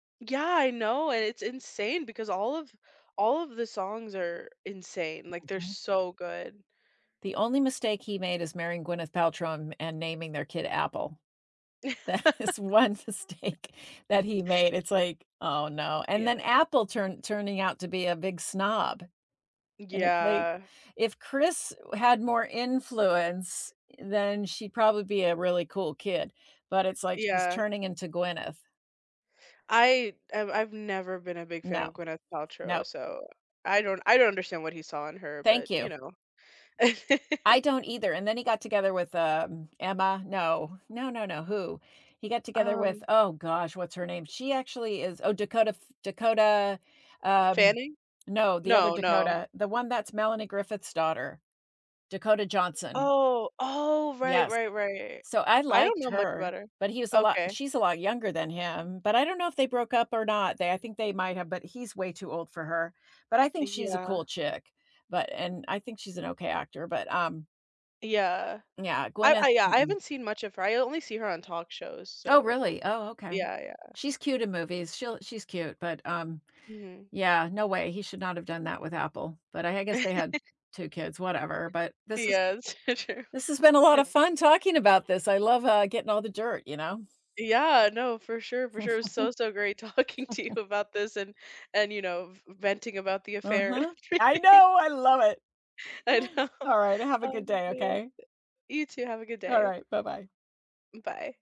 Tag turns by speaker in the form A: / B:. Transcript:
A: Yeah, I know, and it's insane because all of all of the songs are insane, like, they're
B: Mhm.
A: so good.
B: The only mistake he made is marrying Gwyneth Paltrow and and naming their kid Apple. That is one mistake that he made. It's like, "Oh, no," and then
A: Yeah.
B: Apple turn turning out to be a big snob, and it's like,
A: Yeah.
B: if Chris had more influence, then she'd probably be a really cool kid, but it's like she's
A: Yeah.
B: turning into Gwyneth.
A: I I've I've never been a big fan
B: No.
A: of Gwyneth Paltrow,
B: No.
A: so I don't I don't understand what he saw in her, but,
B: Thank
A: you
B: you.
A: know
B: I don't either, and then he got together with, um, Emma. No, no, no, no. Who? He got together with,
A: Um
B: oh gosh, what's her name? She actually is oh, Dakota F Dakota, um,
A: Fanning?
B: no, the other
A: No, no.
B: Dakota. The one that's Melanie Griffith's daughter. Dakota Johnson.
A: Oh. Oh, right,
B: Yes.
A: right, right.
B: So I
A: I don't
B: liked
A: know much
B: her,
A: about her.
B: but he was a lot
A: Okay.
B: she's a lot younger than him, but I don't know if they broke up or not. They I think they might have, but he's way too old for her. But I think she's a
A: Yeah.
B: cool chick. But and I think she's an okay actor, but, um
A: Yeah.
B: Yeah,
A: I
B: Gwyneth.
A: I yeah, I
B: Mm-mm.
A: haven't seen much of her, I only see her on talk shows,
B: Oh,
A: so,
B: really? Oh, okay.
A: yeah, yeah.
B: She's cute in movies. She'll she's cute. But, um,
A: Mhm.
B: yeah, no way. He should not have done that with Apple. But I I guess they had 2 kids, whatever, but this has
A: Yeah, true.
B: this has been a lot of fun talking about this, I love, uh, getting all the dirt, you know?
A: Yeah, no, for sure, for sure, so, so great talking to you about this and and, you know, v venting about the affair and
B: Uh-huh. I
A: everything.
B: know, I love it.
A: I know.
B: Alright. Have a
A: Oh,
B: good day,
A: man.
B: okay?
A: You too, have a good day.
B: Alright. Bye-bye.
A: Bye.